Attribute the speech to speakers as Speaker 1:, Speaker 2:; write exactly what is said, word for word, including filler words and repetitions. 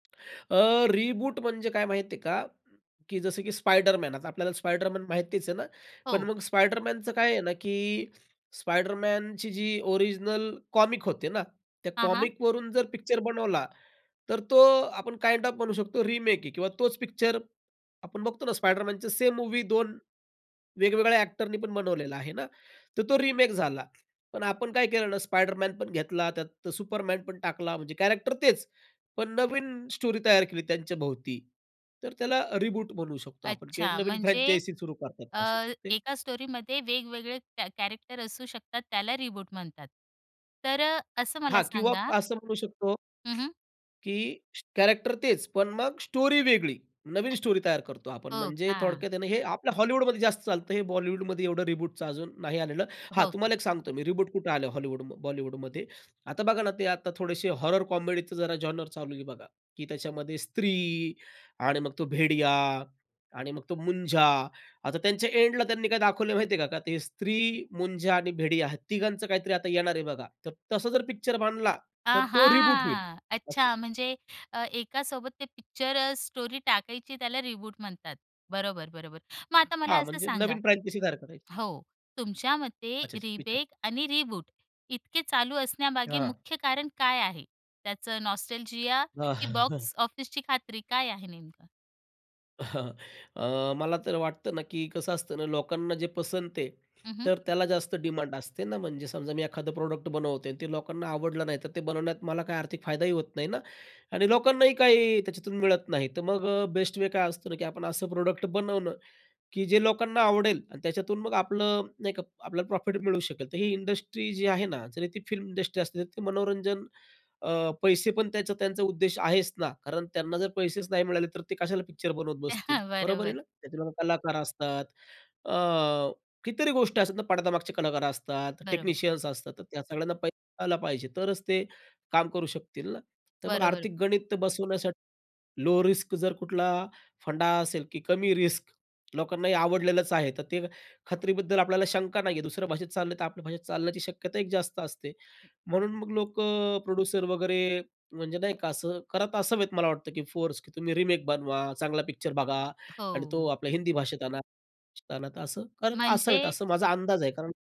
Speaker 1: अ, reboot म्हणजे काय माहिती आहे का? की जसं की स्पायडरमॅन आता आपल्याला स्पायडरमॅन माहितीच आहे ना. पण
Speaker 2: हो.
Speaker 1: मग स्पायडरमॅनचं काय आहे ना, की स्पायडरमॅनची जी ओरिजिनल कॉमिक होते ना, त्या
Speaker 2: हां, हां.
Speaker 1: कॉमिकवरून जर पिक्चर बनवला, तर तो आपण काइंड ऑफ म्हणू शकतो रिमेक आहे किंवा तोच पिक्चर आपण बघतो ना, स्पायडरमॅनच सेम मूव्ही दोन, वेगवेगळ्या अ‍ॅक्टरनीपण बनवलेला आहे ना, तर तो रिमेक झाला. पण आपण काय केलं ना स्पायडरमॅनपण घेतला, त्यात सुपरमॅनपण टाकला. म्हणजे कॅरेक्टर तेच पण नवीन स्टोरी तयार केली त्यांच्याभोवती, तर त्याला रिबूट म्हणू शकतो आपण किंवा एक
Speaker 2: अच्छा.
Speaker 1: नवीन
Speaker 2: म्हणजे
Speaker 1: फ्रँचायझी सुरू
Speaker 2: अ,
Speaker 1: करतात असे ते
Speaker 2: एका स्टोरीमध्ये वेगवेगळे कॅ कॅरेक्टर असू शकतात त्याला रिबूट म्हणतात. तर अ, असं मला
Speaker 1: हां, किंवा
Speaker 2: सांगा
Speaker 1: असं म्हणू शकतो
Speaker 2: हं, हं.
Speaker 1: की कॅरेक्टर तेच पण मग स्टोरी वेगळी, नवीन स्टोरी तयार करतो आपण
Speaker 2: हो
Speaker 1: म्हणजे
Speaker 2: का?
Speaker 1: थोडक्यात आहे ना, हे आपल्या हॉलिवूडमध्ये जास्त चालतं. हे बॉलिवूडमध्ये एवढं रिबूटचं अजून नाही आलेलं. हां,
Speaker 2: हो का?
Speaker 1: तुम्हाला एक सांगतो मी रिबूट कुठं आलं हॉलिवूड बॉलिवूडमध्ये. आता बघा ना ते आता थोडेसे हॉरर कॉमेडीच जरा जॉनर चालू आहे बघा, की त्याच्यामध्ये स्त्री आणि मग तो भेडिया आणि मग तो मुंजा, आता त्यांच्या एंडला त्यांनी काय दाखवलंय माहिती आहे का ते स्त्री मुंझा आणि भेडिया या तिघांचं काहीतरी आता येणार आहे बघा. तर तसं जर पिक्चर बनला, तर तो रिबूट होईल
Speaker 2: आहा!
Speaker 1: असं.
Speaker 2: अच्छा म्हणजे अ, एकासोबत ते पिक्चर अ, स्टोरी टाकायची त्याला रिबूट म्हणतात. बरोबर, बरोबर, मग आता मला
Speaker 1: हां,
Speaker 2: असं
Speaker 1: म्हणजे
Speaker 2: सांगा
Speaker 1: नवीन फ्रँचायझी सारखं राहील.
Speaker 2: हो, तुमच्या मते
Speaker 1: अच्छा, अच्छा विचारा.
Speaker 2: रिबेक आणि रिबूट इतके चालू असण्यामागे
Speaker 1: हां.
Speaker 2: मुख्य कारण काय आहे? त्याचं नॉस्टॅल्जिया
Speaker 1: अ,
Speaker 2: की बॉक्स ऑफिसची खात्री काय आहे नेमकं?
Speaker 1: अ, मला तर वाटतं ना, की कसं असतं ना लोकांना जे पसंत आहे
Speaker 2: हं, हं.
Speaker 1: तर त्याला जास्त डिमांड असते ना. म्हणजे समजा मी एखादं प्रॉडक्ट बनवतो आणि ते लोकांना आवडलं नाही, तर ते बनवण्यात मला काही आर्थिक फायदाही होत नाही ना आणि लोकांनाही काही त्याच्यातून मिळत नाही. तर मग अ, बेस्ट वे काय असतो ना, की आपण असं प्रॉडक्ट बनवणं, की जे लोकांना आवडेल आणि त्याच्यातून मग आपलं नाही का आपल्याला प्रॉफिट मिळू शकेल. तर ही इंडस्ट्री जी आहे ना, जरी ती फिल्म इंडस्ट्री असते, तर ती मनोरंजन अ, पैसेपण त्याचा त्यांचा उद्देश आहेच ना, कारण त्यांना जर पैसेच नाही मिळाले, तर ते कशाला पिक्चर बनवत बसतील, बरोबर आहे
Speaker 2: बरोबर.
Speaker 1: ना. त्या कलाकार असतात, अ, कितीतरी गोष्टी असतात ना पडद्यामागचे कलाकार असतात,
Speaker 2: बरोबर.
Speaker 1: टेक्निशियन्स असतात. तर त्या सगळ्यांना पैसा आला पाहिजे. तरच ते काम करू शकतील ना. तर मग
Speaker 2: बरोबर.
Speaker 1: आर्थिक गणित बसवण्यासाठी लो रिस्क जर कुठला फंडा असेल, की कमी रिस्क लोकांना हे आवडलेलच आहे तर ते खात्रीबद्दल आपल्याला शंका नाही आहे. दुसऱ्या भाषेत चाललं तर आपल्या भाषेत चालण्याची शक्यता एक जास्त असते. म्हणून मग लोक अ, प्रोड्युसर वगैरे म्हणजे नाही का, असं करत असावेत मला वाटतं, की फोर्स, की तुम्ही रिमेक बनवा, चांगला पिक्चर बघा आणि तो
Speaker 2: हो.
Speaker 1: आपल्या हिंदी भाषेत आणा, तर असं करत असावेत,
Speaker 2: म्हणजे
Speaker 1: असं माझा अंदाज आहे कारण